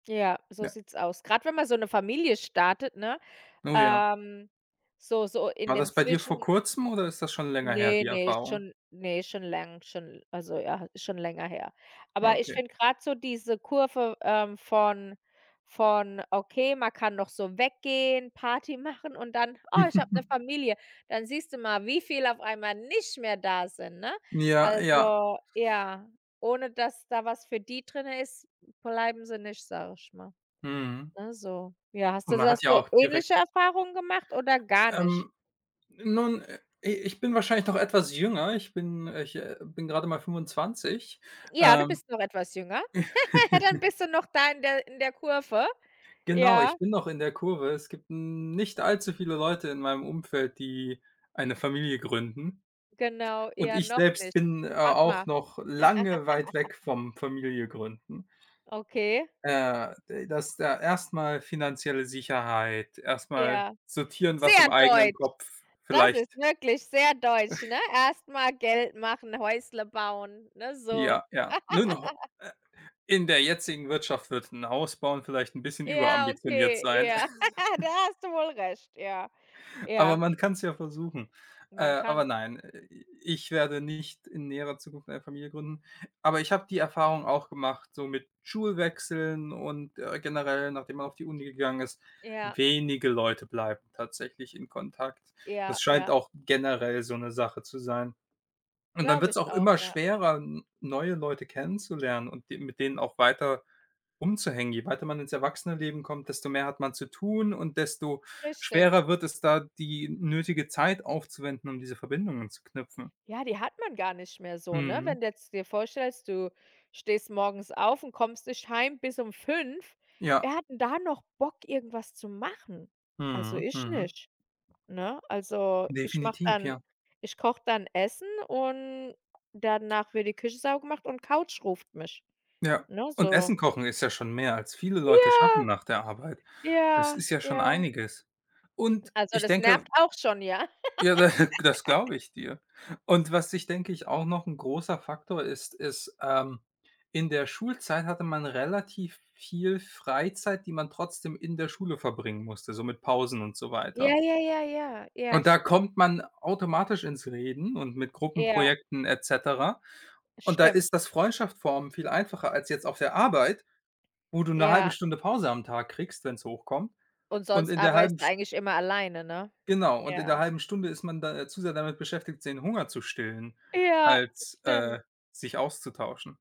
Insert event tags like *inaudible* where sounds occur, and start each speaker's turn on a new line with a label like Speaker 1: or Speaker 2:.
Speaker 1: Ja, so
Speaker 2: Ja.
Speaker 1: sieht's aus. Grad wenn man so 'ne Familie startet, ne?
Speaker 2: Oh ja.
Speaker 1: Ähm, so, so, in
Speaker 2: War
Speaker 1: dem
Speaker 2: das bei dir vor
Speaker 1: Zwischen
Speaker 2: kurzem oder ist das schon länger her,
Speaker 1: Ne,
Speaker 2: die
Speaker 1: ne,
Speaker 2: Erfahrung?
Speaker 1: schon ne, schon läng schon also ja, ist schon länger her. Aber ich
Speaker 2: Okay.
Speaker 1: finde grad so diese Kurve, ähm, von von: „Okay, man kann noch so weggehen, Party machen“, und dann, „Oh, ich habe 'ne
Speaker 2: *chuckles*
Speaker 1: Familie“, dann siehst du mal, wie viel auf einmal nicht mehr da sind, ne?
Speaker 2: Ja, ja.
Speaker 1: Also ja, ohne, dass da was für die drinnen ist, bleiben sie nicht, sage ich mal.
Speaker 2: Mhm.
Speaker 1: Ne, so ja, hast
Speaker 2: Und
Speaker 1: du
Speaker 2: man
Speaker 1: da
Speaker 2: hat ja
Speaker 1: so
Speaker 2: auch direkt
Speaker 1: ähnliche Erfahrungen gemacht oder gar nicht?
Speaker 2: Ähm, nun, äh, i ich bin wahrscheinlich noch etwas jünger. Ich bin ich, äh, bin gerade mal 25.
Speaker 1: Ja, du
Speaker 2: Ähm
Speaker 1: bist noch etwas jünger. Dann
Speaker 2: *laughs*
Speaker 1: bist du noch da in der in der Kurve.
Speaker 2: Genau,
Speaker 1: Ja.
Speaker 2: ich bin noch in der Kurve. Es gibt n nicht allzu viele Leute in meinem Umfeld, die eine Familie gründen.
Speaker 1: Genau,
Speaker 2: Und
Speaker 1: eher
Speaker 2: ich
Speaker 1: noch
Speaker 2: selbst
Speaker 1: nicht.
Speaker 2: bin, a
Speaker 1: Warte mal.
Speaker 2: auch noch lange weit
Speaker 1: *laughs*
Speaker 2: weg vom Familie gründen.
Speaker 1: Okay.
Speaker 2: Äh, de das da erst mal finanzielle Sicherheit, erst mal
Speaker 1: Ja.
Speaker 2: sortieren, was
Speaker 1: Sehr
Speaker 2: im eigenen
Speaker 1: deutsch!
Speaker 2: Kopf
Speaker 1: Das ist
Speaker 2: vielleicht
Speaker 1: wirklich sehr deutsch, ne?
Speaker 2: *chuckles*
Speaker 1: Erst mal Geld machen, Häusle bauen, ne, so.
Speaker 2: Ja, ja. Nur noch ho
Speaker 1: *laughs*
Speaker 2: äh, in der jetzigen Wirtschaft wird f 'n Haus bauen vielleicht 'n bisschen
Speaker 1: Ja,
Speaker 2: über-ambitioniert
Speaker 1: okay,
Speaker 2: sein.
Speaker 1: ja. *laughs* Da
Speaker 2: *chuckles*
Speaker 1: hast du wohl recht, ja.
Speaker 2: Aber
Speaker 1: Ja.
Speaker 2: man kann's ja versuchen. Äh,
Speaker 1: Man
Speaker 2: aber
Speaker 1: kann.
Speaker 2: nein, Äh, i ich werde nicht in näherer Zukunft eine Familie gründen. Aber ich habe die Erfahrung auch gemacht, so mit Schulwechseln und, äh, generell, nachdem man auf die Uni gegangen ist,
Speaker 1: Ja.
Speaker 2: wenige Leute bleiben tatsächlich in Kontakt. Das
Speaker 1: Ja,
Speaker 2: scheint
Speaker 1: ja.
Speaker 2: auch generell so 'ne Sache zu sein. Und dann
Speaker 1: Glaube
Speaker 2: wird's
Speaker 1: ich
Speaker 2: auch
Speaker 1: auch,
Speaker 2: immer
Speaker 1: ja.
Speaker 2: schwerer, n neue Leute kennenzulernen und de mit denen auch weiter umzuhängen. Je weiter man ins Erwachsenen-Leben kommt, desto mehr hat man zu tun und desto
Speaker 1: Richtig.
Speaker 2: schwerer wird es da, die nötige Zeit aufzuwenden, um diese Verbindungen zu knüpfen.
Speaker 1: Ja, die hat man gar nicht mehr so, ne?
Speaker 2: Mhm.
Speaker 1: Wenn du jetzt dir vorstellst, du stehst morgens auf und kommst nicht Heim bis um 5.
Speaker 2: Ja.
Speaker 1: Wer hat denn da noch Bock, irgendwas zu machen? Also
Speaker 2: Mhm.
Speaker 1: ich
Speaker 2: Mhm.
Speaker 1: nicht, ne? Also, ich mache
Speaker 2: Definitiv,
Speaker 1: dann
Speaker 2: ja.
Speaker 1: ich koche dann Essen und danach wird die Küche saubergemacht und Couch ruft mich,
Speaker 2: Ja,
Speaker 1: ne?
Speaker 2: und
Speaker 1: So
Speaker 2: Essen kochen ist ja schon mehr, als viele Leute schaffen
Speaker 1: Ja,
Speaker 2: nach der Arbeit. Es
Speaker 1: ja,
Speaker 2: ist ja schon
Speaker 1: ja.
Speaker 2: einiges. Und
Speaker 1: Also
Speaker 2: ich
Speaker 1: das
Speaker 2: denke
Speaker 1: nervt auch schon, ja.
Speaker 2: Ja, da *chuckles* das
Speaker 1: *laughs*
Speaker 2: glaube ich dir. Und was ich, denke ich auch noch 'n großer Faktor ist, ist, ähm in der Schulzeit hatte man relativ viel Freizeit, die man trotzdem in der Schule verbringen musste, so mit Pausen und so
Speaker 1: Ja,
Speaker 2: weiter.
Speaker 1: ja, ja, ja, ja,
Speaker 2: Und da
Speaker 1: stimmt.
Speaker 2: kommt man automatisch ins Reden und mit
Speaker 1: Ja.
Speaker 2: Gruppenprojekten et cetera. Und da
Speaker 1: Stimmt.
Speaker 2: ist das Freundschaft formen viel einfacher als jetzt auf der Arbeit, wo du 'ne 1/2
Speaker 1: Ja.
Speaker 2: Stunde Pause am Tag kriegst, wenn's hochkommt.
Speaker 1: Und
Speaker 2: Und
Speaker 1: sonst
Speaker 2: in der 1/2
Speaker 1: arbeitest du
Speaker 2: St
Speaker 1: eigentlich immer alleine, ne?
Speaker 2: Genau, und in der
Speaker 1: Ja.
Speaker 2: 1/2 Stunde ist man da äh, zu sehr damit beschäftigt, den Hunger zu stillen,
Speaker 1: Ja, das
Speaker 2: als,
Speaker 1: stimmt.
Speaker 2: äh, sich auszutauschen.